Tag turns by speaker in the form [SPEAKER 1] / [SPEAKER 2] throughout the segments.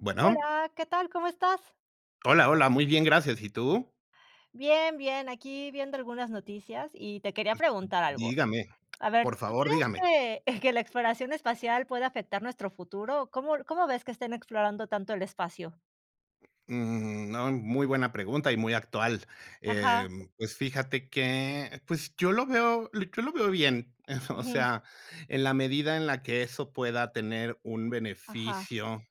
[SPEAKER 1] ¿Bueno?
[SPEAKER 2] Hola, ¿qué tal? ¿Cómo estás?
[SPEAKER 1] Hola, hola, muy bien, gracias, ¿y tú?
[SPEAKER 2] Bien, bien, aquí viendo algunas noticias, y te quería preguntar algo,
[SPEAKER 1] Dígame,
[SPEAKER 2] a ver,
[SPEAKER 1] por
[SPEAKER 2] ¿tú
[SPEAKER 1] favor, dígame.
[SPEAKER 2] crees que que la exploración espacial pueda afectar nuestro futuro? ¿Cómo l cómo ves que estén explorando tanto el espacio?
[SPEAKER 1] Mm, no, muy buena pregunta y muy actual.
[SPEAKER 2] Ajá.
[SPEAKER 1] Em, pues fíjate que pues, yo lo veo yo lo veo bien. O
[SPEAKER 2] Ujú.
[SPEAKER 1] sea, en la medida en la que eso pueda tener un
[SPEAKER 2] Ajá.
[SPEAKER 1] beneficio,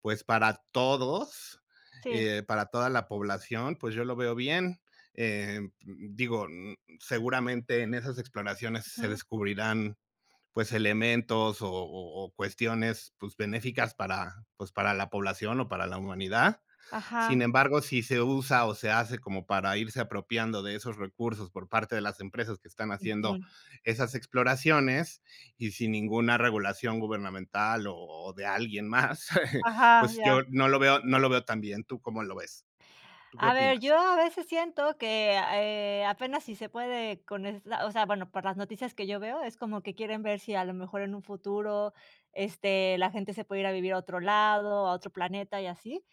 [SPEAKER 1] pues, para todos,
[SPEAKER 2] Sí.
[SPEAKER 1] eh, para toda la población, pues, yo lo veo bien. Eh, digo, seguramente en esas exploraciones se
[SPEAKER 2] Ujú.
[SPEAKER 1] descubrirán, pues, elementos, o o o cuestiones, pues, benéficas para, pues, para la población o para la humanidad. Sin
[SPEAKER 2] Ajá.
[SPEAKER 1] embargo, si se usa, o se hace como para irse apropiando de esos recursos por parte de las empresas que están haciendo
[SPEAKER 2] Ujú.
[SPEAKER 1] esas exploraciones y sin ninguna regulación gubernamental, o o de alguien más,
[SPEAKER 2] Ajá,
[SPEAKER 1] pues,
[SPEAKER 2] ya.
[SPEAKER 1] yo no lo veo no lo veo tan bien, ¿tú cómo lo ves? ¿Tú qué
[SPEAKER 2] A ver,
[SPEAKER 1] opinas?
[SPEAKER 2] yo a veces siento que a eh, apenas si se puede con esta o sea, bueno, por las noticias que yo veo, es como que quieren ver si a lo mejor en un futuro, este, la gente se puede ir a vivir a otro lado, a otro planeta y así.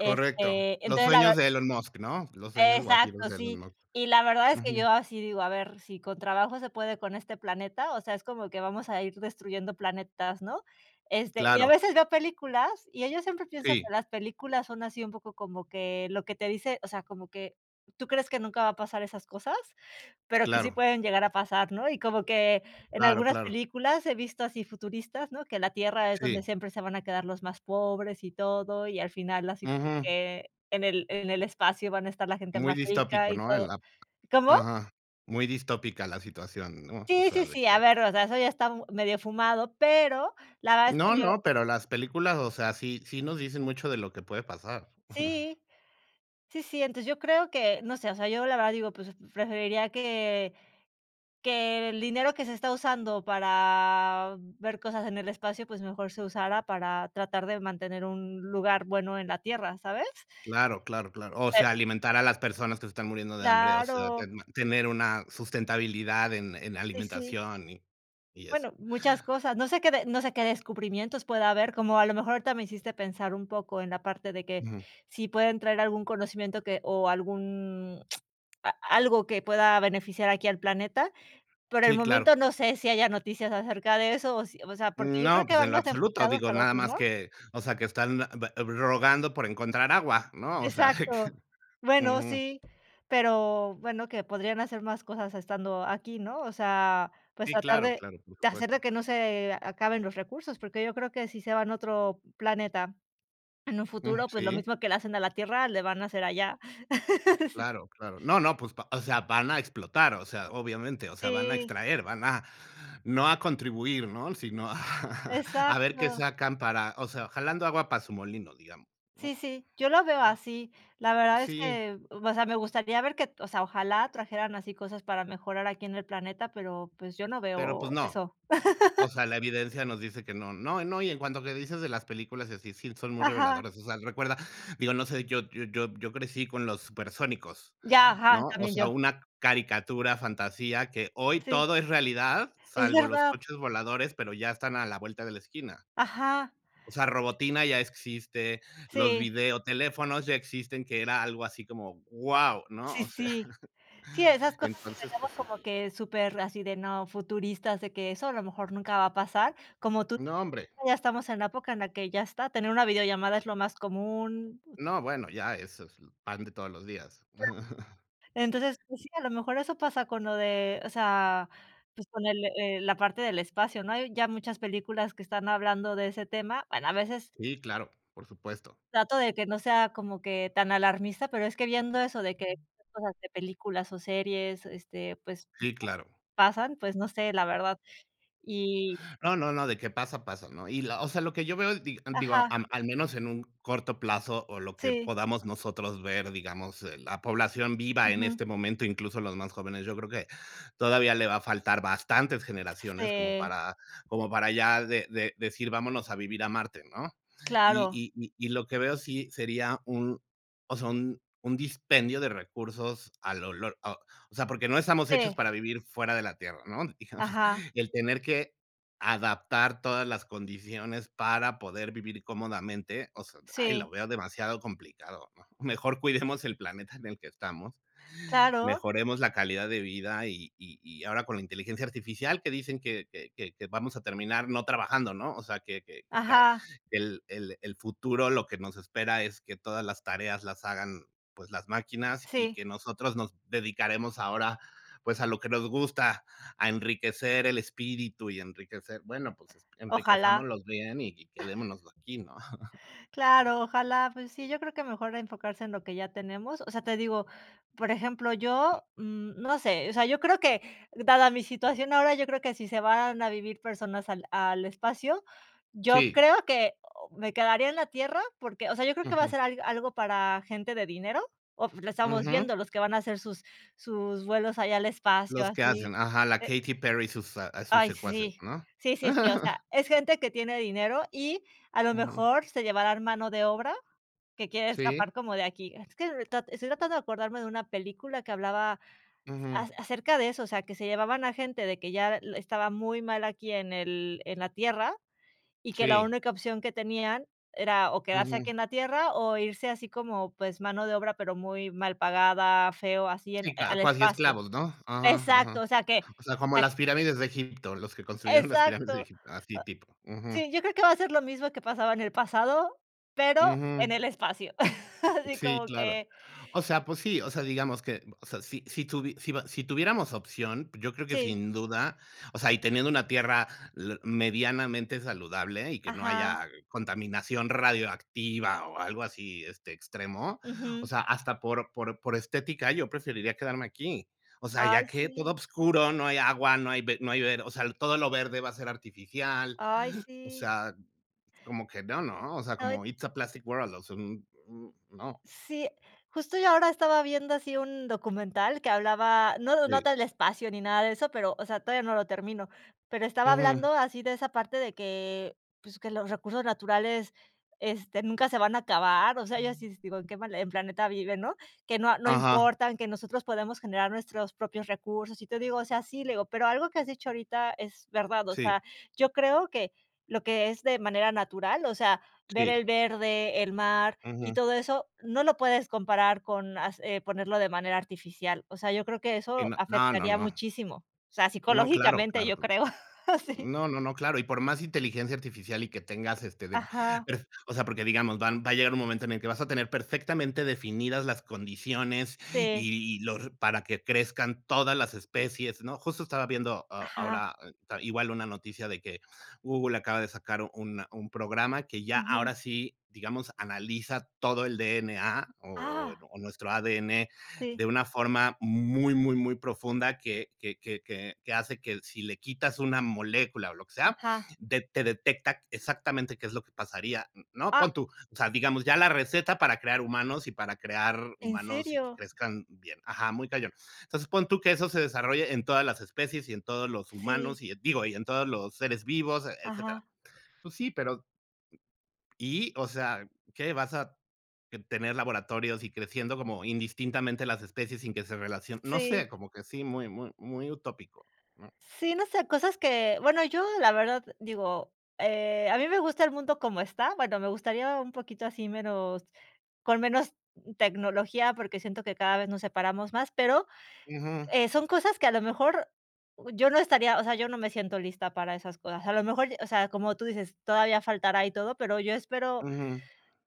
[SPEAKER 1] Correcto, los
[SPEAKER 2] entonces la
[SPEAKER 1] sueños
[SPEAKER 2] verd
[SPEAKER 1] de Elon Musk, ¿no?, los sueños guajiros
[SPEAKER 2] exacto,
[SPEAKER 1] de Elon
[SPEAKER 2] sí.
[SPEAKER 1] Musk.
[SPEAKER 2] Y la verdad es que
[SPEAKER 1] Ujú.
[SPEAKER 2] yo así digo: "A ver, si con trabajo se puede con este planeta, o sea, es como que vamos a ir destruyendo planetas", ¿no? Este, y a
[SPEAKER 1] Claro.
[SPEAKER 2] veces veo películas mira yo siempre pienso que
[SPEAKER 1] Sí.
[SPEAKER 2] las películas son así un poco como que lo que te dice o sea, como que tú crees que nunca va a pasar esas cosas, pero que sí
[SPEAKER 1] Claro.
[SPEAKER 2] pueden llegar a pasar, ¿no? Y como que en
[SPEAKER 1] Claro,
[SPEAKER 2] algunas
[SPEAKER 1] claro.
[SPEAKER 2] películas he visto así futuristas, ¿no?, que la tierra es
[SPEAKER 1] Sí.
[SPEAKER 2] donde siempre se van a quedar los más pobres y todo. Y al final así como
[SPEAKER 1] Ujú.
[SPEAKER 2] que en el en el espacio van a estar la gente
[SPEAKER 1] Muy
[SPEAKER 2] más rica
[SPEAKER 1] distópico,
[SPEAKER 2] y
[SPEAKER 1] ¿no?, en
[SPEAKER 2] todo
[SPEAKER 1] la
[SPEAKER 2] ¿Cómo?
[SPEAKER 1] ajá, muy distópica la situación, ¿no?, o
[SPEAKER 2] Sí,
[SPEAKER 1] sea,
[SPEAKER 2] sí,
[SPEAKER 1] de
[SPEAKER 2] sí.
[SPEAKER 1] que
[SPEAKER 2] A ver, o sea, eso ya está m medio fumado, pero la verdad es
[SPEAKER 1] No,
[SPEAKER 2] que yo
[SPEAKER 1] no, pero las películas, o sea, sí sí nos dicen mucho de lo que puede pasar. Ujú.
[SPEAKER 2] Sí. Sí, sí, entonces yo creo que no sé, o sea, yo la verdad digo, pues, preferiría que, que el dinero que se está usando para ver cosas en el espacio, pues mejor se usara para tratar de mantener un lugar bueno en la Tierra, ¿sabes?
[SPEAKER 1] Claro, claro, claro. O
[SPEAKER 2] [unintelligible]
[SPEAKER 1] sea, alimentar a las personas que se están muriendo de hambre, o sea, te
[SPEAKER 2] Claro.
[SPEAKER 1] tener una sustentabilidad en en
[SPEAKER 2] Y sí.
[SPEAKER 1] alimentación, y y eso.
[SPEAKER 2] Bueno, muchas cosas, no sé que no sé que descubrimientos pueda haber, como a lo mejor ahorita me hiciste pensar un poco en la parte de que
[SPEAKER 1] Ujú.
[SPEAKER 2] si pueden traer algún conocimiento que o algún a algo que pueda beneficiar aquí al planeta. Por el
[SPEAKER 1] Sí, claro.
[SPEAKER 2] momento, no sé, si haya noticias acerca de eso, o sí o sea, porque
[SPEAKER 1] Mm,
[SPEAKER 2] yo creo
[SPEAKER 1] no,
[SPEAKER 2] que
[SPEAKER 1] pues,
[SPEAKER 2] van
[SPEAKER 1] en lo
[SPEAKER 2] más
[SPEAKER 1] absoluto,
[SPEAKER 2] enfocados
[SPEAKER 1] digo,
[SPEAKER 2] al
[SPEAKER 1] nada
[SPEAKER 2] otro, ¿no?
[SPEAKER 1] más que o sea, que están [unintelligible] rogando por encontrar agua, ¿no? O sea, de que
[SPEAKER 2] Exacto. Bueno,
[SPEAKER 1] ujú.
[SPEAKER 2] sí, pero bueno, que podrían hacer más cosas estando aquí, ¿no? O sea, pues
[SPEAKER 1] Sí,
[SPEAKER 2] tratar
[SPEAKER 1] claro,
[SPEAKER 2] de
[SPEAKER 1] claro, por
[SPEAKER 2] de hacer de
[SPEAKER 1] supuesto.
[SPEAKER 2] que no se acaben los recursos, porque yo creo que si se van a otro planeta en un
[SPEAKER 1] Mm,
[SPEAKER 2] futuro, pues, lo
[SPEAKER 1] sí.
[SPEAKER 2] mismo que le hacen a la Tierra le van a hacer allá. Sí.
[SPEAKER 1] Claro, claro, no, no, pues, o sea, van a explotar, o sea, obviamente, o sea, van a
[SPEAKER 2] Sí.
[SPEAKER 1] extraer, van a no a contribuir, ¿no?, si no, a ver qué
[SPEAKER 2] Exacto.
[SPEAKER 1] sacan para, o sea, jalando agua para su molino, digamos, mm.
[SPEAKER 2] Sí, sí, yo lo veo así. La verdad es
[SPEAKER 1] Sí.
[SPEAKER 2] que, o sea, me gustaría ver que o sea, ojalá trajeran así cosas para mejorar aquí en el planeta, pero, pues, yo no
[SPEAKER 1] Pero,
[SPEAKER 2] veo
[SPEAKER 1] pues, no.
[SPEAKER 2] eso.
[SPEAKER 1] O sea, la evidencia nos dice que no, no. No, y en cuanto que dices de las películas y así, sí son muy
[SPEAKER 2] Ajá.
[SPEAKER 1] reveladoras, o sea, recuerda, digo, no sé, yo yo yo yo crecí con los Supersónicos,
[SPEAKER 2] Ya,
[SPEAKER 1] ¿no?,
[SPEAKER 2] ajá,
[SPEAKER 1] o
[SPEAKER 2] también yo.
[SPEAKER 1] sea, una caricatura, fantasía que hoy
[SPEAKER 2] Sí.
[SPEAKER 1] todo es realidad,
[SPEAKER 2] Es
[SPEAKER 1] salvo los
[SPEAKER 2] verdad.
[SPEAKER 1] coches voladores, pero ya están a la vuelta de la esquina
[SPEAKER 2] Ajá.
[SPEAKER 1] o sea, Robotina ya existe, los
[SPEAKER 2] Sí.
[SPEAKER 1] videoteléfonos ya existen, que era algo así como guau, ¿no?,
[SPEAKER 2] Sí,
[SPEAKER 1] o sea.
[SPEAKER 2] sí. Sí, esas cosas que
[SPEAKER 1] Entonces,
[SPEAKER 2] tenemos
[SPEAKER 1] pues sí.
[SPEAKER 2] como que superasí de no futuristas, de que eso a lo mejor nunca va a pasar. Como tú,
[SPEAKER 1] No, hombre.
[SPEAKER 2] ya estamos en época en la que ya está, tener una videollamada es lo más común.
[SPEAKER 1] No, bueno, ya eso es pan de todos los días.
[SPEAKER 2] Claro. Entonces, pues sí, a lo mejor eso pasa con lo de o sea, pues con el la parte del espacio, ¿no?, hay ya muchas películas que están hablando de ese tema, bueno, a veces
[SPEAKER 1] Sí, claro, por supuesto.
[SPEAKER 2] trato de que no sea como que tan alarmista, pero es que viendo eso de que cosas de películas o series, este, pues,
[SPEAKER 1] Sí, claro.
[SPEAKER 2] pasan, pues, no sé, la verdad, y
[SPEAKER 1] No, no, no, de que pasa, pasa, ¿no? Y la o sea, lo que yo veo es digo,
[SPEAKER 2] Ajá.
[SPEAKER 1] al al menos en un corto plazo, o lo que
[SPEAKER 2] Sí.
[SPEAKER 1] podamos nosotros ver, digamos, la población viva en
[SPEAKER 2] Ujú.
[SPEAKER 1] este momento, incluso, los más jóvenes, yo creo que todavía le va a faltar bastantes generaciones como
[SPEAKER 2] Si.
[SPEAKER 1] para como para ya de de decir vámonos a vivir a Marte, ¿no? Y
[SPEAKER 2] Claro.
[SPEAKER 1] y y lo que veo sí sería un, o sea, un un dispendio de recursos al olor, o sea, porque no estamos hechos
[SPEAKER 2] Sí.
[SPEAKER 1] para vivir fuera de la Tierra, ¿no?, digamos,
[SPEAKER 2] Ajá.
[SPEAKER 1] el tener que adaptar todas las condiciones para poder vivir cómodamente, o sea, ¡ay!,
[SPEAKER 2] Sí.
[SPEAKER 1] lo veo demasiado complicado, ¿no? Mejor cuidemos el planeta en el que estamos,
[SPEAKER 2] Claro.
[SPEAKER 1] mejoremos la calidad de vida. Y y y ahora con la inteligencia artificial, que dicen que que que vamos a terminar no trabajando, ¿no? O sea, que que que
[SPEAKER 2] Ajá.
[SPEAKER 1] el el el futuro lo que nos espera es que todas las tareas las hagan, pues, las máquinas, y
[SPEAKER 2] Sí.
[SPEAKER 1] que nosotros nos dedicaremos ahora, pues, a lo que nos gusta, a enriquecer el espíritu y enriquecer, bueno, pues,
[SPEAKER 2] Ojalá.
[SPEAKER 1] enriquezcámoslo bien y quedémonos aquí, ¿no?
[SPEAKER 2] Claro, ojalá, pues sí, yo creo que mejor enfocarse en lo que ya tenemos. O sea, te digo, por ejemplo, yo, no sé, o sea, yo creo que dada mi situación ahora, yo creo que si se van a vivir personas al al espacio, yo
[SPEAKER 1] Sí.
[SPEAKER 2] creo que o me quedaría en la Tierra, porque, o sea, yo creo que va a
[SPEAKER 1] Ujú.
[SPEAKER 2] ser a algo para gente de dinero o lo estamos
[SPEAKER 1] Ujú.
[SPEAKER 2] viendo, los que van a hacer sus sus vuelos allá al espacio
[SPEAKER 1] Los que
[SPEAKER 2] así,
[SPEAKER 1] hacen, ajá, la
[SPEAKER 2] eh
[SPEAKER 1] Katy Perry y sus, ah, sus
[SPEAKER 2] Ay,
[SPEAKER 1] secuaces,
[SPEAKER 2] sí
[SPEAKER 1] ¿no?
[SPEAKER 2] sí sí sí, o sea, es gente que tiene dinero, y a lo
[SPEAKER 1] Ujú.
[SPEAKER 2] mejor se llevarán mano de obra que quiere
[SPEAKER 1] ¿Sí?
[SPEAKER 2] escapar como de aquí. Es que estoy tratando de acordarme de una película que hablaba a
[SPEAKER 1] Ujú.
[SPEAKER 2] a acerca de eso, o sea, que se llevaban a gente de que ya estaba muy mal aquí en el en la Tierra, y que la
[SPEAKER 1] SÍ.
[SPEAKER 2] única opción que tenían era, o quedarse aquí
[SPEAKER 1] Ujú.
[SPEAKER 2] en la Tierra o irse. Así como, pues, mano de obra, pero muy mal pagada, feo, así en a
[SPEAKER 1] Sí, claro,
[SPEAKER 2] al
[SPEAKER 1] cuasi
[SPEAKER 2] espacio.
[SPEAKER 1] esclavos, ¿no? Ajá
[SPEAKER 2] Exacto,
[SPEAKER 1] ajá,
[SPEAKER 2] o sea que
[SPEAKER 1] o sea, como
[SPEAKER 2] e
[SPEAKER 1] las pirámides de Egipto, los que construyeron las pirámides
[SPEAKER 2] Exacto.
[SPEAKER 1] de
[SPEAKER 2] O
[SPEAKER 1] Egipto, así, tipo. Ujú.
[SPEAKER 2] Sí, yo creo que va a ser lo mismo que pasaba en el pasado, pero en
[SPEAKER 1] Ujú.
[SPEAKER 2] el espacio, así
[SPEAKER 1] Sí,
[SPEAKER 2] como
[SPEAKER 1] claro,
[SPEAKER 2] que
[SPEAKER 1] o sea, pues sí, o sea, digamos que, o sea, si si tu si si tuviéramos opción, yo creo que
[SPEAKER 2] Sí.
[SPEAKER 1] sin duda o sea, y teniendo una Tierra medianamente saludable y que no
[SPEAKER 2] Ajá.
[SPEAKER 1] haya contaminación radioactiva o algo así, este, extremo, o
[SPEAKER 2] Ujú.
[SPEAKER 1] sea, hasta por por por estética, yo preferiría quedarme aquí. O sea,
[SPEAKER 2] Ay,
[SPEAKER 1] ya que
[SPEAKER 2] sí.
[SPEAKER 1] todo oscuro, no hay agua, no hay no hay, o sea, todo lo verde va a ser artificial,
[SPEAKER 2] Ay,
[SPEAKER 1] o
[SPEAKER 2] sí.
[SPEAKER 1] sea, como que no, ¿no?, o sea,
[SPEAKER 2] No, y
[SPEAKER 1] como it's a plastic world, o sea, un un no.
[SPEAKER 2] Sí, justo yo ahora estaba viendo así un documental que hablaba, no no
[SPEAKER 1] Sí.
[SPEAKER 2] tal espacio ni nada de eso, pero o sea, todavía no lo termino, pero estaba
[SPEAKER 1] Ujú.
[SPEAKER 2] hablando así de esa parte de que, pues, que los recursos naturales, este, nunca se van a acabar, o sea, yo así digo: "¿En qué mal planeta vive, no?" Que no no
[SPEAKER 1] Ajá.
[SPEAKER 2] importan, que nosotros podemos generar nuestros propios recursos. Y te digo, o sea, sí, le digo, pero algo que has dicho ahorita es verdad, o sea,
[SPEAKER 1] Sí.
[SPEAKER 2] yo creo que lo que es de manera natural, o sea, ver
[SPEAKER 1] Sí.
[SPEAKER 2] el verde, el mar y
[SPEAKER 1] Ujú.
[SPEAKER 2] todo eso, no lo puedes comparar con hace ponerlo de manera artificial. O sea, yo creo que
[SPEAKER 1] Sí,
[SPEAKER 2] eso
[SPEAKER 1] no, no,
[SPEAKER 2] afectaría
[SPEAKER 1] no.
[SPEAKER 2] muchísimo, o sea,
[SPEAKER 1] No, claro,
[SPEAKER 2] psicológicamente,
[SPEAKER 1] claro,
[SPEAKER 2] yo creo, sí.
[SPEAKER 1] no, no, no, claro, y por más inteligencia artificial, y que tengas, este de
[SPEAKER 2] Ajá.
[SPEAKER 1] o sea, porque digamos van va a llegar un momento en el que vas a tener perfectamente definidas las condiciones,
[SPEAKER 2] Sí.
[SPEAKER 1] y y los para que crezcan todas las especies, ¿no?, justo estaba viendo a
[SPEAKER 2] Ajá.
[SPEAKER 1] ahora igual una noticia de que Google acaba de sacar una un programa que ya
[SPEAKER 2] Ujú.
[SPEAKER 1] ahora sí, digamos, analiza todo el D-N-A, o
[SPEAKER 2] Ah.
[SPEAKER 1] o nuestro A-D-N de
[SPEAKER 2] Sí.
[SPEAKER 1] una forma muy, muy, muy profunda, que que que que hace que, si le quitas una molécula o lo que sea,
[SPEAKER 2] Ajá.
[SPEAKER 1] de te detecta exactamente qué es lo que pasaría, ¿no?,
[SPEAKER 2] A.
[SPEAKER 1] pon tú, o sea, digamos, ya la receta para crear humanos y para crear
[SPEAKER 2] ¿En
[SPEAKER 1] humanos y que
[SPEAKER 2] serio?
[SPEAKER 1] crezcan bien, ajá, muy cañón. Entonces, pon tú que eso se desarrolle en todas las especies y en todos los
[SPEAKER 2] Sí.
[SPEAKER 1] humanos, y, digo, y en todos los seres vivos, etcétera.
[SPEAKER 2] Ajá.
[SPEAKER 1] Pues sí, pero ¿Y? O sea, ¿qué? Vas a tener laboratorios y creciendo como indistintamente las especies sin que se relacionen, no
[SPEAKER 2] Sí.
[SPEAKER 1] sé, como que sí, muy, muy, muy utópico, ¿no?
[SPEAKER 2] Sí, no sé, cosas que, bueno, yo la verdad digo, eh, a mí me gusta el mundo como está, bueno, me gustaría un poquito así, menos con menos tecnología, porque siento que cada vez nos separamos más, pero,
[SPEAKER 1] Ujú.
[SPEAKER 2] eh, son cosas que a lo mejor yo no estaría o sea, yo no me siento lista para esas cosas, a lo mejor, o sea, como tú dices, todavía faltará y todo, pero yo espero
[SPEAKER 1] Ujú.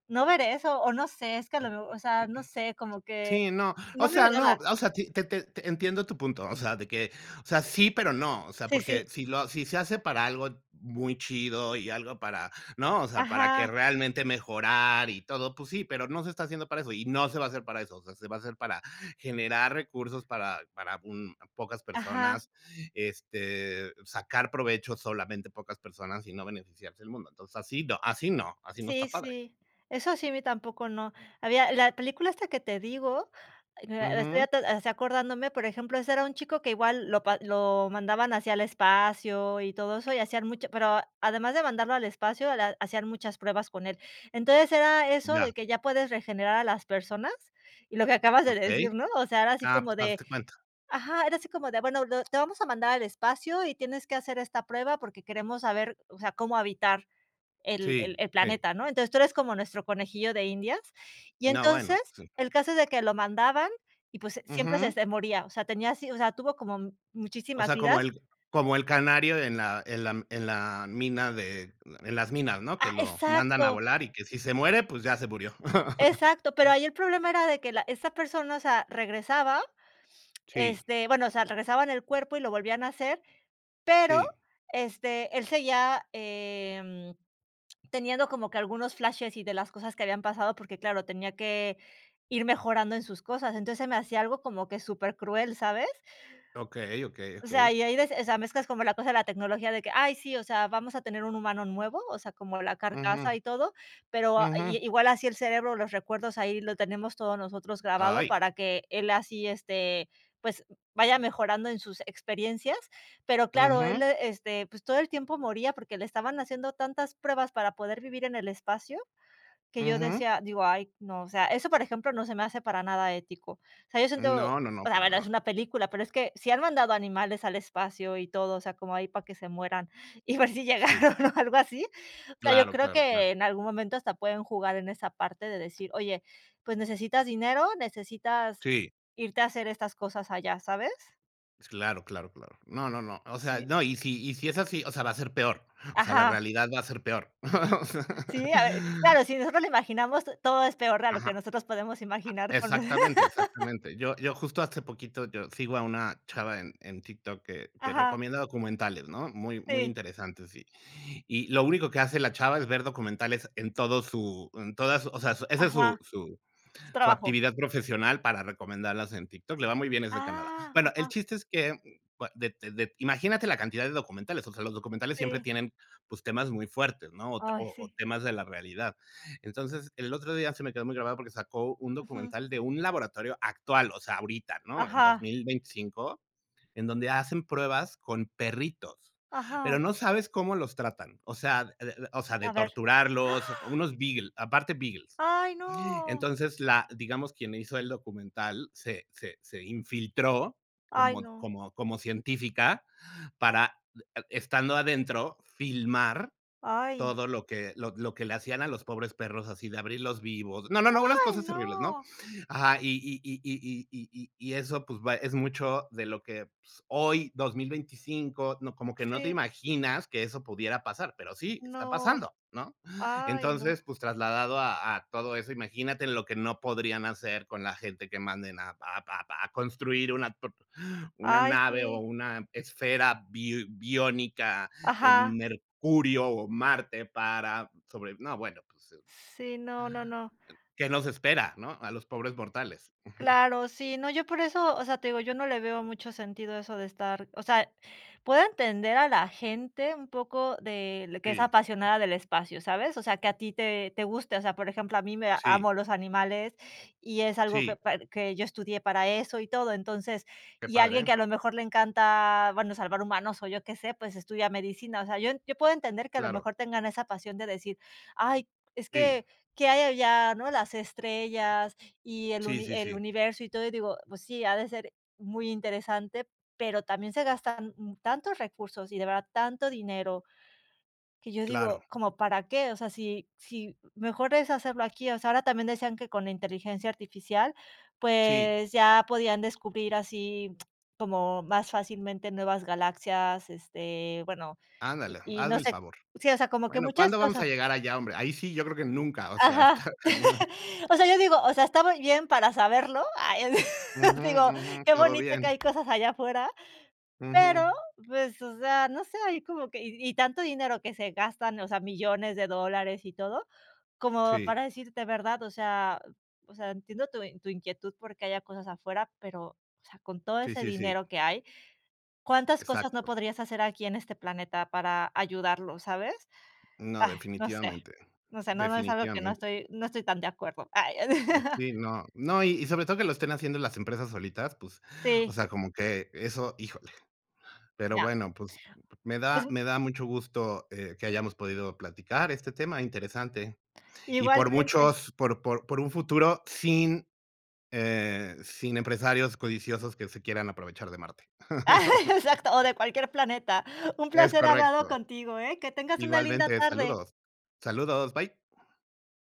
[SPEAKER 2] no ver eso, o no sé, es que a lo mejor o sea, no sé, como que
[SPEAKER 1] Sí, no, o
[SPEAKER 2] no me
[SPEAKER 1] sea, no,
[SPEAKER 2] agrada.
[SPEAKER 1] o sea, te te te entiendo tu punto, o sea, de que, o sea, sí, pero no, o sea,
[SPEAKER 2] Sí,
[SPEAKER 1] porque
[SPEAKER 2] sí.
[SPEAKER 1] si lo si se hace para algo muy chido, ¿y algo para, no? O sea, para que
[SPEAKER 2] Ajá.
[SPEAKER 1] realmente mejorar y todo, pues sí, pero no se está haciendo para eso y no se va a hacer para eso, o sea, se va a hacer para generar recursos para para un pocas
[SPEAKER 2] Ajá.
[SPEAKER 1] personas, este, sacar provecho solamente pocas personas, y no beneficiarse el mundo. Entonces así no, así no así no
[SPEAKER 2] Sí,
[SPEAKER 1] está padre.
[SPEAKER 2] sí, eso sí, a mí tampoco, no, había la película esta que te digo, estoy
[SPEAKER 1] Ujú.
[SPEAKER 2] así acordándome, por ejemplo, ese era un chico que igual lo lo mandaban así al espacio y todo eso y hacían mucho pero además de mandarlo al espacio, la hacían muchas pruebas con él. Entonces era eso de
[SPEAKER 1] Ya.
[SPEAKER 2] que ya puedes regenerar a las personas y lo que acabas de
[SPEAKER 1] Okey.
[SPEAKER 2] decir, ¿no? O sea, era así
[SPEAKER 1] Ah, pues,
[SPEAKER 2] como de,
[SPEAKER 1] hazte cuenta.
[SPEAKER 2] ajá, era así como de, bueno, lo te vamos a mandar al espacio, y tienes que hacer esta prueba, porque queremos saber, o sea, cómo habitar el el
[SPEAKER 1] Sí,
[SPEAKER 2] el
[SPEAKER 1] sí.
[SPEAKER 2] planeta, ¿no? Entonces tú eres como nuestro conejillo de indias, y
[SPEAKER 1] No,
[SPEAKER 2] entonces
[SPEAKER 1] bueno, sí.
[SPEAKER 2] el caso es de que lo mandaban, y pues, siempre se
[SPEAKER 1] Ujú.
[SPEAKER 2] se moría, o sea, tenía así o sea, tuvo como
[SPEAKER 1] O
[SPEAKER 2] muchísimas
[SPEAKER 1] sea, como
[SPEAKER 2] vidas.
[SPEAKER 1] el como el canario en la en la en la mina de en las minas, ¿no?, que
[SPEAKER 2] Ah,
[SPEAKER 1] lo mandan a
[SPEAKER 2] exacto.
[SPEAKER 1] volar y que si se muere, pues ya se murió.
[SPEAKER 2] Exacto, pero ahí el problema era de que la esta persona, o sea, regresaba
[SPEAKER 1] Sí.
[SPEAKER 2] este, bueno o sea, regresaban el cuerpo y lo volvían a hacer. Pero,
[SPEAKER 1] Sí.
[SPEAKER 2] este, él seguía, eh, teniendo como que algunos flashes, y de las cosas que habían pasado, porque, claro, tenía que ir mejorando en sus cosas. Entonces se me hacía algo como que supercruel, ¿sabes?
[SPEAKER 1] Okey, okey,
[SPEAKER 2] O sea,
[SPEAKER 1] okey.
[SPEAKER 2] y ahí de, o sea, mezclas como la cosa de la tecnología de que, ay sí, o sea, vamos a tener un humano nuevo, o sea, como la
[SPEAKER 1] Ujú.
[SPEAKER 2] carcasa y todo, pero i
[SPEAKER 1] Ujú.
[SPEAKER 2] igual así el cerebro, los recuerdos, ahí lo tenemos todos nosotros grabado
[SPEAKER 1] Ay.
[SPEAKER 2] para que él así, este, pues vaya mejorando en sus experiencias. Pero claro, él,
[SPEAKER 1] Ujú.
[SPEAKER 2] este, pues, todo el tiempo moría, porque le estaban haciendo tantas pruebas para poder vivir en el espacio que yo
[SPEAKER 1] Ujú.
[SPEAKER 2] decía, digo, ay, no, o sea, eso, por ejemplo, no se me hace para nada ético, o sea, yo siento,
[SPEAKER 1] No, no, no,
[SPEAKER 2] la
[SPEAKER 1] para
[SPEAKER 2] verdad, es
[SPEAKER 1] nada.
[SPEAKER 2] una película, pero es que sí han mandado animales al espacio y todo. O sea, como ahí para que se mueran y ver si
[SPEAKER 1] Sí.
[SPEAKER 2] llegaron o algo así. O sea, yo
[SPEAKER 1] Claro,
[SPEAKER 2] creo
[SPEAKER 1] claro, claro.
[SPEAKER 2] que en algún momento hasta pueden jugar en esa parte de decir: "Oye, pues necesitas dinero, necesitas
[SPEAKER 1] Sí.
[SPEAKER 2] irte a hacer estas cosas allá", ¿sabes?
[SPEAKER 1] Pues claro, claro, claro. No, no, no. O sea,
[SPEAKER 2] Sí.
[SPEAKER 1] no. Y si y si es así, o sea, va a ser peor. O sea, la
[SPEAKER 2] Ajá.
[SPEAKER 1] realidad va a ser peor, o sea.
[SPEAKER 2] Sí, a ver claro, si nosotros lo imaginamos, to todo es peor a lo que
[SPEAKER 1] Ajá.
[SPEAKER 2] nosotros podemos
[SPEAKER 1] Ah,
[SPEAKER 2] imaginar con
[SPEAKER 1] exactamente, exactamente. Yo yo justo hace poquito yo sigo a una chava en en TikTok que que
[SPEAKER 2] Ajá.
[SPEAKER 1] recomienda documentales, ¿no? Muy, muy
[SPEAKER 2] Sí.
[SPEAKER 1] interesantes y y lo único que hace la chava es ver documentales en todo su en todas o sea, ese es
[SPEAKER 2] Ajá.
[SPEAKER 1] su su
[SPEAKER 2] Su
[SPEAKER 1] su
[SPEAKER 2] trabajo.
[SPEAKER 1] actividad profesional para recomendarlas en TikTok, le va muy bien, es de Canadá.
[SPEAKER 2] Ah,
[SPEAKER 1] Bueno, el
[SPEAKER 2] ajá.
[SPEAKER 1] chiste es que de de imagínate la cantidad de documentales, o sea, los documentales siempre
[SPEAKER 2] Sí.
[SPEAKER 1] tienen, pues, temas muy fuertes, ¿no? O
[SPEAKER 2] Ay,
[SPEAKER 1] o
[SPEAKER 2] sí.
[SPEAKER 1] temas de la realidad. Entonces, el otro día se me quedó muy grabado, porque sacó un
[SPEAKER 2] Ujú.
[SPEAKER 1] documental de un laboratorio actual, o sea, ahorita, ¿no? En dos
[SPEAKER 2] Ajá.
[SPEAKER 1] mil veinticinco en donde hacen pruebas con perritos,
[SPEAKER 2] Ajá.
[SPEAKER 1] pero no sabes cómo los tratan. O sea, de de o sea, de
[SPEAKER 2] ¿A ver? ¡Ah!
[SPEAKER 1] torturarlos. Unos Beagle, aparte Beagles.
[SPEAKER 2] ¡Ay, no!
[SPEAKER 1] Entonces, la digamos, quien hizo el documental se se se infiltró
[SPEAKER 2] Ay,
[SPEAKER 1] como
[SPEAKER 2] no.
[SPEAKER 1] como como científica para estando adentro filmar
[SPEAKER 2] Ay.
[SPEAKER 1] todo lo que lo lo que le hacían a los pobres perros así de abrirlos vivos. No, no, no, unas
[SPEAKER 2] ¡Ay,
[SPEAKER 1] cosas terribles, ¿no?
[SPEAKER 2] no!
[SPEAKER 1] Ajá. Y y y y y y y y eso, pues, va es mucho de lo que, pues, hoy 2025 no, como que no te
[SPEAKER 2] Sí.
[SPEAKER 1] imaginas que eso pudiera pasar, pero sí, está
[SPEAKER 2] No.
[SPEAKER 1] pasando, ¿no?
[SPEAKER 2] Ay, no.
[SPEAKER 1] Entonces, pues, trasladado a a todo eso, imagínate lo que no podrían hacer con la gente que manden a a a construir una, [unintelligible] una
[SPEAKER 2] Ay,
[SPEAKER 1] nave, o
[SPEAKER 2] sí.
[SPEAKER 1] una esfera bi biónica
[SPEAKER 2] Ajá.
[SPEAKER 1] en Mercurio o Marte, para sobre no, bueno, pues, eh,
[SPEAKER 2] Sí, no, no, no.
[SPEAKER 1] ¿qué nos espera, no? A los pobres mortales. Ujú.
[SPEAKER 2] Claro, sí, no, yo por eso, o sea, te digo, yo no le veo mucho sentido a eso de estar o sea, puedo entender a la gente un poco de que es
[SPEAKER 1] Sí.
[SPEAKER 2] apasionada del espacio, ¿sabes? O sea, que a ti te te guste. O sea, por ejemplo, a mí me
[SPEAKER 1] Sí.
[SPEAKER 2] amo los animales, y es algo que
[SPEAKER 1] Sí.
[SPEAKER 2] par que yo estudié para eso y todo. Entonces,
[SPEAKER 1] Qué
[SPEAKER 2] y
[SPEAKER 1] padre,
[SPEAKER 2] alguien que a
[SPEAKER 1] eh.
[SPEAKER 2] lo mejor le encanta, bueno, salvar humanos, o yo qué sé, pues, estudia medicina. O sea, yo yo puedo entender que a lo
[SPEAKER 1] Claro.
[SPEAKER 2] mejor tengan esa pasión de decir: "Ay, es
[SPEAKER 1] Sí.
[SPEAKER 2] que, ¿qué hay allá, no? Las estrellas y el
[SPEAKER 1] Sí,
[SPEAKER 2] uni
[SPEAKER 1] sí,
[SPEAKER 2] el
[SPEAKER 1] sí.
[SPEAKER 2] universo y todo". Y digo: "Pues sí, ha de ser muy interesante, pero también se gastan tantos recursos", y de verdad tanto dinero que yo digo:
[SPEAKER 1] Claro.
[SPEAKER 2] "¿Como para qué?". O sea, si si mejor es hacerlo aquí. O sea, ahora también decían que con la inteligencia artificial,
[SPEAKER 1] Sí.
[SPEAKER 2] pues, ya podían descubrir así como más fácilmente nuevas galaxias, este, bueno, y
[SPEAKER 1] Ándale,
[SPEAKER 2] y no
[SPEAKER 1] hazme el
[SPEAKER 2] sé
[SPEAKER 1] favor.
[SPEAKER 2] sí, o sea, como que
[SPEAKER 1] Bueno,
[SPEAKER 2] muchas
[SPEAKER 1] ¿cuándo vamos
[SPEAKER 2] cosas.
[SPEAKER 1] a llegar allá, hombre? Ahí sí, yo creo que nunca, o sea,
[SPEAKER 2] Ajá.
[SPEAKER 1] está cañón
[SPEAKER 2] O sea, yo digo, o sea, está muy bien para saberlo. Ay,
[SPEAKER 1] Ujú,
[SPEAKER 2] digo,
[SPEAKER 1] ujú.
[SPEAKER 2] qué
[SPEAKER 1] Todo
[SPEAKER 2] bonito que
[SPEAKER 1] bien.
[SPEAKER 2] hay cosas allá afuera, pero,
[SPEAKER 1] Ujú.
[SPEAKER 2] pues, o sea, no sé, ahí como que y y tanto dinero que se gastan, o sea, millones de dólares y todo, como
[SPEAKER 1] Sí.
[SPEAKER 2] para decirte, ¿verdad? O sea o sea, entiendo tu en tu inquietud, porque haya cosas afuera, pero, o sea, con todo
[SPEAKER 1] Sí,
[SPEAKER 2] ese
[SPEAKER 1] sí, sí.
[SPEAKER 2] dinero que hay, ¿cuántas cosas no
[SPEAKER 1] Exacto.
[SPEAKER 2] podrías hacer aquí en este planeta para ayudarlo, sabes?
[SPEAKER 1] No,
[SPEAKER 2] Ay, no sé,
[SPEAKER 1] definitivamente,
[SPEAKER 2] no sé, no no es algo que no
[SPEAKER 1] definitivamente.
[SPEAKER 2] estoy no estoy tan de acuerdo.
[SPEAKER 1] Mm, sí, no, no. Y y sobre todo que lo estén haciendo las empresas solitas, pues, o
[SPEAKER 2] Sí.
[SPEAKER 1] sea, como que eso híjole. Pero
[SPEAKER 2] Ya.
[SPEAKER 1] bueno, pues, me
[SPEAKER 2] Pues,
[SPEAKER 1] da
[SPEAKER 2] em
[SPEAKER 1] me da mucho gusto, eh, que hayamos podido platicar este tema interesante. Y por
[SPEAKER 2] igualmente.
[SPEAKER 1] muchos, por por por un futuro, sin, eh, sin empresarios codiciosos que se quieran aprovechar de Marte.
[SPEAKER 2] Exacto, o de cualquier planeta. Un
[SPEAKER 1] Es
[SPEAKER 2] placer hablarlo
[SPEAKER 1] correcto.
[SPEAKER 2] contigo, eh. Que tengas una linda
[SPEAKER 1] Igualmente,
[SPEAKER 2] tarde.
[SPEAKER 1] saludos. Saludos, bye.